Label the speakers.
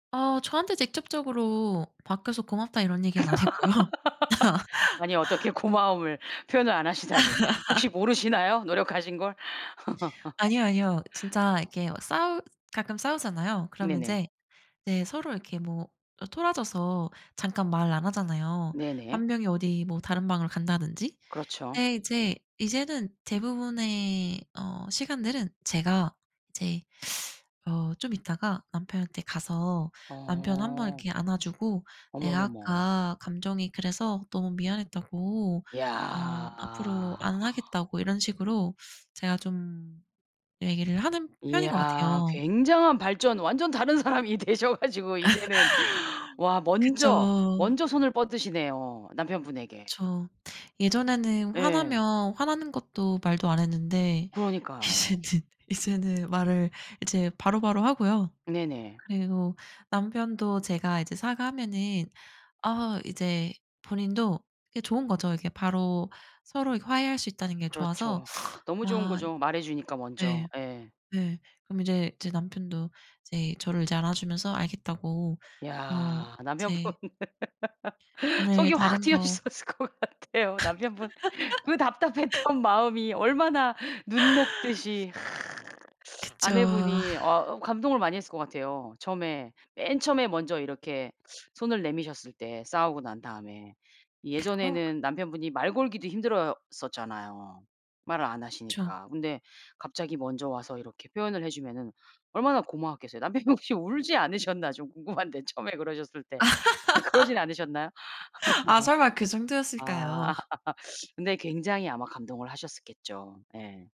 Speaker 1: 아 저한테 직접적으로 "바뀌어서 고맙다." 이런 얘기는 안 했고요.
Speaker 2: 아니 어떻게 고마움을 표현을 안 하시다니. 혹시 모르시나요, 노력하신 걸?
Speaker 1: 아니요, 아니요. 진짜 이렇게 막 싸우 가끔 싸우잖아요. 그러면
Speaker 2: 네네.
Speaker 1: 인제 네 서로 이렇게 뭐 아 토라져서 잠깐 말 안 하잖아요.
Speaker 2: 네네.
Speaker 1: 1 명이 어디 뭐 다른 방을 간다든지.
Speaker 2: 그렇죠.
Speaker 1: 근데 이제 이제는 대부분의 어 시간들은 제가 이제 어 좀 있다가 남편한테 가서 남편 1 번
Speaker 2: 어.
Speaker 1: 이렇게 안아 주고 내가
Speaker 2: 어머머머.
Speaker 1: 아까 감정이 그래서 너무 미안했다고 어 앞으로
Speaker 2: 야.
Speaker 1: 안 하겠다고 이런 식으로 제가 좀 얘기를 하는 편인 것
Speaker 2: 야
Speaker 1: 같아요.
Speaker 2: 굉장한 발전 완전 다른 사람이 되셔 가지고 이제는 와 먼저
Speaker 1: 그쵸.
Speaker 2: 먼저 손을 뻗으시네요, 남편분에게.
Speaker 1: 그쵸. 예전에는
Speaker 2: 예.
Speaker 1: 화나면 화나는 것도 말도 안 했는데 이제는
Speaker 2: 그러니까요.
Speaker 1: 이제는 말을 이제 바로바로 하고요.
Speaker 2: 네네.
Speaker 1: 그리고 남편도 제가 이제 사과하면은 아 이제 본인도 이게 좋은 거죠. 이게 바로 서로 이렇게 화해할 수 있다는 게 좋아서
Speaker 2: 그렇죠. 너무 좋은
Speaker 1: 아
Speaker 2: 거죠, 말해 주니까 먼저.
Speaker 1: 네.
Speaker 2: 예.
Speaker 1: 네 그럼 이제 제 남편도 이제 저를 이제 안아 주면서 알겠다고 어
Speaker 2: 야 남편분
Speaker 1: 이제 오늘
Speaker 2: 속이 확
Speaker 1: 다른
Speaker 2: 트여
Speaker 1: 거
Speaker 2: 있었을 것 같아요, 남편분. 그 답답했던 마음이 얼마나 눈 녹듯이
Speaker 1: 그쵸. 아.
Speaker 2: 아내분이 어 감동을 많이 했을 것 같아요. 처음에 맨 처음에 먼저 이렇게 손을 내미셨을 때 싸우고 난 다음에.
Speaker 1: 어.
Speaker 2: 예전에는 남편분이 말 걸기도 힘들었었잖아요. 말을 안
Speaker 1: 그쵸.
Speaker 2: 하시니까. 근데 갑자기 먼저 와서 이렇게 표현을 해 주면은 얼마나 고마웠겠어요. 남편분이 혹시 울지 않으셨나 좀 궁금한데 처음에 그러셨을 때. 그러진 않으셨나요?
Speaker 1: 아 설마 그 정도였을까요?
Speaker 2: 아 근데 굉장히 아마 감동을 하셨었겠죠. 예.